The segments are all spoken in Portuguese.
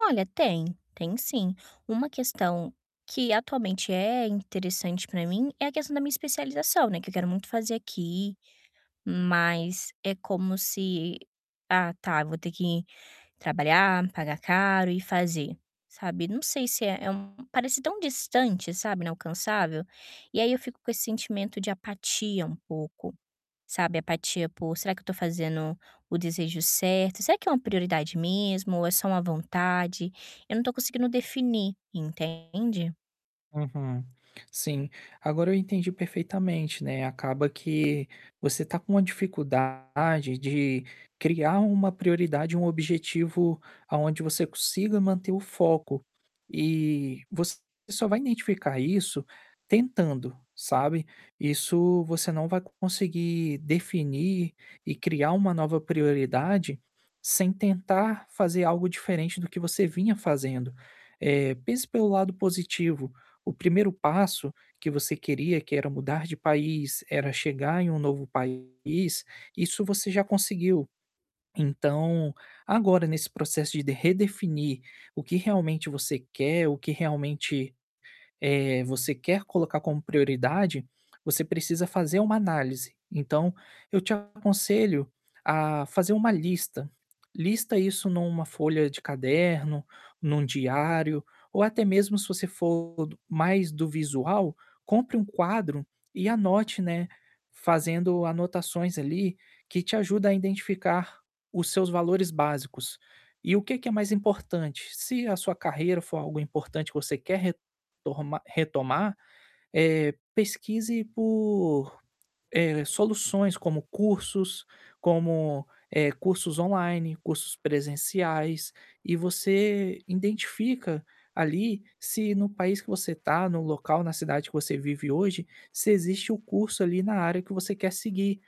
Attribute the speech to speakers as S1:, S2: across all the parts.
S1: Olha, tem, tem sim. uma questão que atualmente é interessante pra mim é a questão da minha especialização, né, que eu quero muito fazer aqui, mas, é como se: "Ah, tá, vou ter que trabalhar, pagar caro e fazer", sabe, não sei se é é um parece tão distante, sabe, inalcançável? E aí eu fico com esse sentimento de apatia, um pouco, sabe, apatia por, será que eu estou fazendo o desejo certo? Será que é uma prioridade mesmo ou é só uma vontade? Eu não estou conseguindo definir, entende?
S2: Uhum, sim, agora eu entendi perfeitamente, né, acaba que você está com uma dificuldade de criar uma prioridade, um objetivo, aonde você consiga manter o foco. E você só vai identificar isso tentando, sabe, isso você não vai conseguir definir e criar uma nova prioridade, sem tentar fazer algo diferente do que você vinha fazendo. Eh, pense pelo lado positivo, o 1º passo que você queria, que era mudar de país, era chegar em um novo país, isso você já conseguiu. Então, agora, nesse processo de redefinir o que realmente você quer, o que realmente, eh, você quer colocar como prioridade, você precisa fazer uma análise. Então, eu te aconselho a fazer uma lista. Lista isso numa folha de caderno, em um diário ou até mesmo, se você for do mais do visual, compre um quadro e anote, né, fazendo anotações ali que te ajudam a identificar os seus valores básicos. E o que que é mais importante? Se a sua carreira for algo importante, que você quer retorma retomar, eh, pesquise por, eh, soluções como cursos, como, eh, cursos online, cursos presenciais, e você identifica ali se, no país que você está, no local, na cidade que você vive hoje, se existe o curso ali na área que você quer seguir,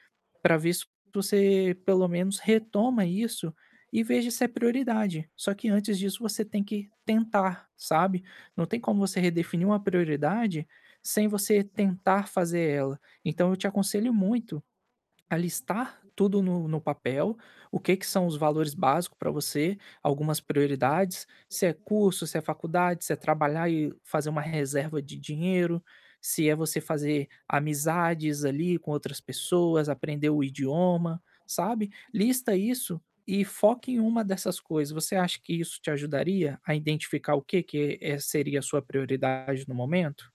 S2: pra ver su para você pelo menos retoma isso e vê se é prioridade. Só que, antes disso, você tem que tentar, sabe. Não tem como você redefinir uma prioridade sem você tentar fazer ela. Então, eu te aconselho muito a listar tudo no no papel, o que que são os valores básicos pra você, algumas prioridades, se é curso, se é faculdade, se é trabalhar e fazer uma reserva de dinheiro, se é você fazer amizades ali com outras pessoas, aprender o idioma, sabe. Lista isso e foca em uma dessas coisas. Você acha que isso te ajudaria a identificar o que que seria a sua prioridade no momento?